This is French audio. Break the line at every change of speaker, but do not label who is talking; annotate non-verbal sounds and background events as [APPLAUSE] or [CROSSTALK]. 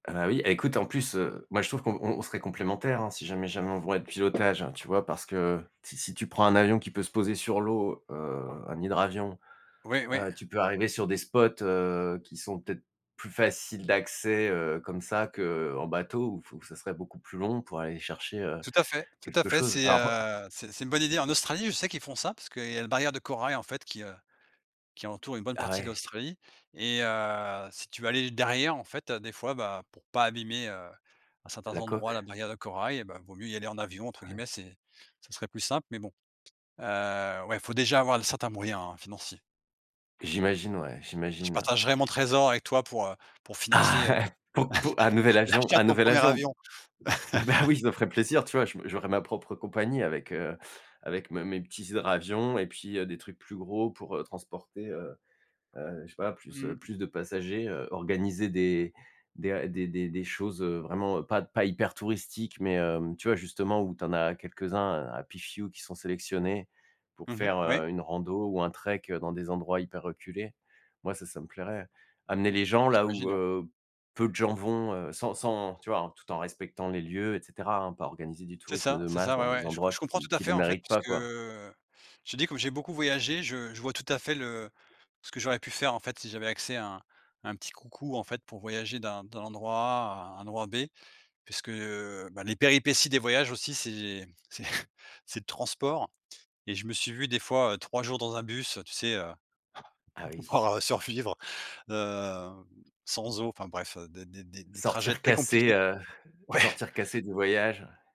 Ah bah, oui, écoute en plus, heu, moi je trouve qu'on on on serait complémentaire, hein, si jamais jamais on [UNINTELLIGIBLE] de pilotage tu vois, parce que si si tu prends un avion qui peut se poser sur l'eau, heu, un hydravion,
Ouais, ouais.
heu, tu peux arriver sur des spots, heu, qui sont peut-être plus faciles d'accès, heu, comme ça qu'en bateau ou f où ça serait beaucoup plus long pour aller chercher, heu,
Tout à fait Tout à
quelque
fait
chose.
c'est,
Alors hop
heu, c'est c'est une bonne idée en Australie je sais qu'ils font ça parce qu'il y a une barrière de corail en fait qui, heu, qui entoure une bonne
Ah
partie de
ouais?
l'Australie et heu, si tu veux aller derrière, en fait, heu, des fois, bah, pour pas abîmer, heu, à certains
La
endroits
coque.
la barrière de corail ,bah, «vaut mieux y aller en avion», entre
Ouais.
guillemets c'est ce serait plus simple mais bon, heu, ouais il faut déjà avoir le certains moyens, hein, financiers.
J'imagine ouais,
Je
j'imagine.
partagerai mon trésor avec toi pour, heu, pour
Ah!
financer, heu,
[CHUCKLES] po pour un nouvel avion,
l'achat de
un
ton
nouvel
1er
avion?
avion.
Ouais, bah, oui, ça ferait plaisir, tu vois, je j'aurais ma propre compagnie avec, heu, avec mes mes petits hydravions et puis, heu, des trucs plus gros pour, heu, transporter, heu heu, je sais pas plus, heu,
Mmh.
plus de passagers, heu, organiser des des des des des choses, heu, vraiment pas pas hyper touristiques, mais hem, tu vois, justement où tu en as quelques-uns à Pifiou qui sont sélectionnés pour
Mmh mh,
faire,
ouais.
heu, une rando ou un trek, heu, dans des endroits hyper reculés. Moi ça, ça me plairait. Amener les gens là
J'imagine
où,
ouais.
heu, peu de gens vont, heu, sans sans tu vois, tout en respectant les lieux et cetera, hein, pas organiser du
C'est
tourisme
ça,
de
c'est
masse
ça
dans
ouais
des
ouais, je je
endroits
comprends
qui
tout à
qui
fait,
le
en fait,
méritent
parce
pas,
que,
quoi.
heu, je te dis comme j'ai beaucoup voyagé je je vois tout à fait le ce que j'aurais pu faire, en fait, si j'avais accès à un à un petit coucou, en fait, pour voyager d'un d'un endroit A à un endroit B puisque, heu, bah, les péripéties des voyages aussi c'est c'est c'est le transport et je me suis vu des fois, heu, 3 jours dans un bus, heu, tu sais, heu,
Ah oui.
[CHUCKLES] pouvoir survivre, heu, sans eau enfin bref des des des des trajets
Sortir
très
cassé,
compliqués,
heu,
ouais.
sortir cassé du voyage.